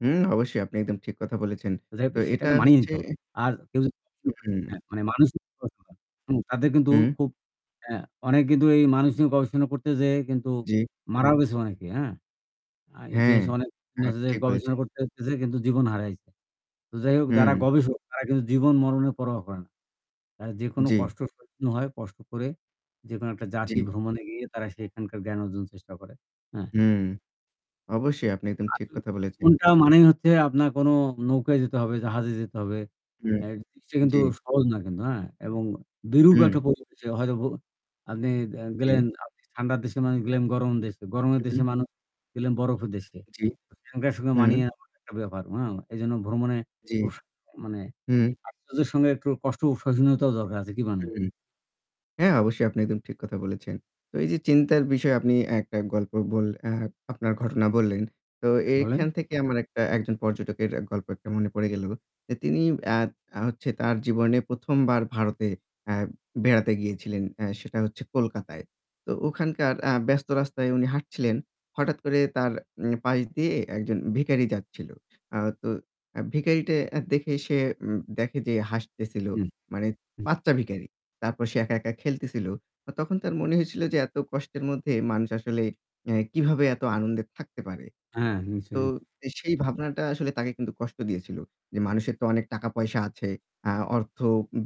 হুম, অবশ্যই আপনি একদম ঠিক কথা বলেছেন। যাই হোক তো এটা সেখানে মানিয়ে হচ্ছে নিতে হবে। আর কেউ [unintelligible] হুম হ্যাঁ, মানুষ [unintelligible] তাদের কিন্তু হুম। খুব হ্যাঁ, অনেক কিন্তু এই মানুষ নিয়ে গবেষণা করতে যেয়ে কিন্তু জি। মারাও গেছে অনেকে, হ্যাঁ? আর হ্যাঁ। ইতিহাসে অনেক হ্যাঁ, [unintelligible] ঠিক গবেষণা বলছেন। করতে যেয়ে কিন্তু জীবন হারাইছে। তো যাইহোক যারা হুম। গবেষক তারা কিন্তু জীবন মরণের পরোয়া করে না। এ যেকোনো জি। কষ্ট সহ্য হয়, কষ্ট করে যেকোনো একটা জি। জাতি ভ্রমণে গিয়ে তারা সেখানকার জ্ঞান অর্জন চেষ্টা করে। হ্যাঁ। হুম। অবশ্যই আপনি একদম ঠিক আসলে কথা বলেছেন। কোনটা মানেই হচ্ছে আপনার কোন নৌকায় যেতে হবে, জাহাজে যেতে হবে। হুম, অ্যা সে কিন্তু জি। সহজ না কিন্তু হ্যাঁ? এবং বিরূপ হুম। একটা প্রকৃতি হয়তো আপনি আ গেলেন জি। আপনি ঠান্ডা দেশের মানুষ গেলেন গরম দেশে। গরমের হুম। দেশের মানুষ গেলেন বরফের দেশে। জি, সেখানকার সঙ্গে হুম। মানিয়ে নেয়া একটা ব্যাপার হ্যাঁ? এইজন্য ভ্রমণে জি। খুব মানে হুম। আশ্চর্যের সঙ্গে একটু কষ্ট সহনীয়তারও দরকার আছে কি বলেন? হুম। হ্যাঁ অবশ্যই আপনি একদম ঠিক কথা বলেছেন। তো এই যে চিন্তার বিষয়ে আপনি একটা গল্প বললে অ্যা আপনার ঘটনা বললেন। তো হ্যাঁ, বলেন। এখান থেকে আমার একটা একজন পর্যটকের অ্যা গল্প একটা মনে পড়ে গেল। যে তিনি অ্যা তা হচ্ছে তার জীবনে ১ম বার ভারতে অ্যা বেড়াতে গিয়েছিলেন। অ্যা সেটা হচ্ছে কলকাতায়। তো ওখানকার অ্যা ব্যস্ত রাস্তায় উনি হাঁটছিলেন। হঠাৎ করে তার উম পাশ দিয়ে একজন ভিখারী যাচ্ছিল। আ তো অ্যা ভিখারীটা আ দেখে সে উম দেখে যে হাসতেছিল হু। মানে বাচ্চা ভিখারি। তারপর সে একা-একা খেলতেছিল। তখন তার মনে হয়েছিল যে এত কষ্টের মধ্যে মানুষ আসলে অ্যা কীভাবে এত আনন্দে থাকতে পারে? হ্যাঁ, নিশ্চয়ই, তো নিশ্চয়ই। সেই ভাবনাটা আসলে তাকে কিন্তু কষ্ট দিয়েছিল। যে মানুষের তো অনেক টাকা-পয়সা আছে। অ্যা অর্থ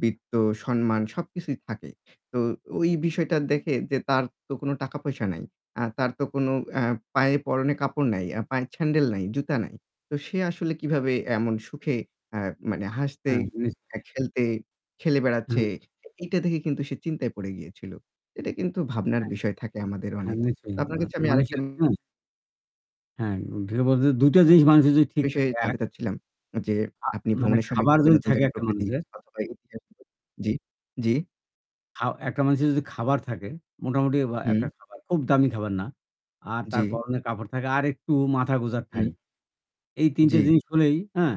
বিত্ত সম্মান সবকিছুই থাকে। তো ওই বিষয়টা দেখে যে তার তো কোন টাকা-পয়সা নাই। অ্যা তার তো কোনো অ্যা পায়ে পরনে কাপড় নাই, পায়ে স্যান্ডেল নাই, জুতা নাই। তো সে আসলে কিভাবে এমন সুখে অ্যা মানে হাসতে, হ্যাঁ নিশ্চয়ই। খেলতে খেলে বেড়াচ্ছে হুম। এইটা দেখে কিন্তু সে চিন্তায় পড়ে গিয়েছিল। এটা কিন্তু ভাবনার হ্যাঁ, বিষয় থাকে আমাদের হ্যাঁ অনেক। তো আপনার কাছে আমি আরেকটা নিশ্চয়ই। [unintelligible] হ্যাঁ, [unintelligible] মধ্যে ২ টা জিনিস মানুষের যদি ঠিক বিষয়ে থাকে, ১ জানতে চাচ্ছিলাম যে আ আপনি মানে ভ্রমণের সময় খাবার কিভাবে যদি নতুন থাকে জায়গায় একটা প্রকৃতি মানুষের অথবা ইতিহাস [unintelligible] জি, জি। খাও একটা মানুষের যদি খাবার থাকে মোটামুটি বা একটা হুম। খাবার খুব দামি খাবার না। আর তার জি। পরনের কাপড় থাকে আরেকটু মাথা গোজার হুম। ঠাই। এই ৩ টে জি। জিনিস হলেই হ্যাঁ?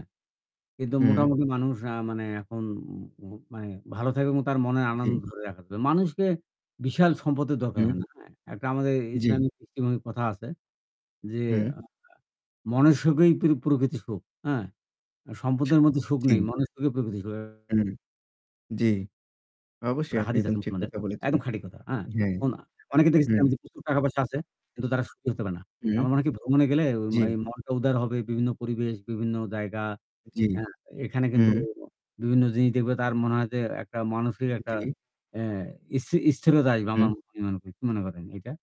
কিন্তু হুম। মোটামুটি মানুষ আ মানে এখন ম ম মানে ভালো থাকবে এবং তার মনের আনন্দ জি। ধরে রাখা য মানুষকে বিশাল সম্পদের দরকার হুম। হয় না। হ্যাঁ? একটা আমাদের জি। ইসলামিক দৃষ্টিভঙ্গির কথা আছে যে আ হুম। আ মনের সুখই পিরি প্রকৃত সুখ, হ্যাঁ? আ সম্পদের মধ্যে সুখ জি। নেই, মনের সুখেই প্রকৃত সুখ। হুম, জি। অবশ্যই একটা আপনি হাদিস একদম আছে ঠিক মুসলমানদের কথা বলেছেন। একদম খাঁটি কথা। হ্যাঁ? হ্যাঁ, কোনা অনেকে হুম। দেখেছেন যে প্রচুর টাকা-পয়সা আছে কিন্তু তারা সুখী হতে পারে না। হুম। আমার মনে হয় কি ভ্রমণে গেলে ওই জি। অই মনটা উদার হবে বিভিন্ন পরিবেশ, বিভিন্ন জায়গা জি। অ্যা এখানে কিন্তু হু। বিভিন্ন জিনিস দেখবে তার মনে হয় যে একটা মানসিক একটা জি। অ্যা স্থি স্থিরতা আসবে আমার হুম। মনে করি, কি মনে করেন এইটা?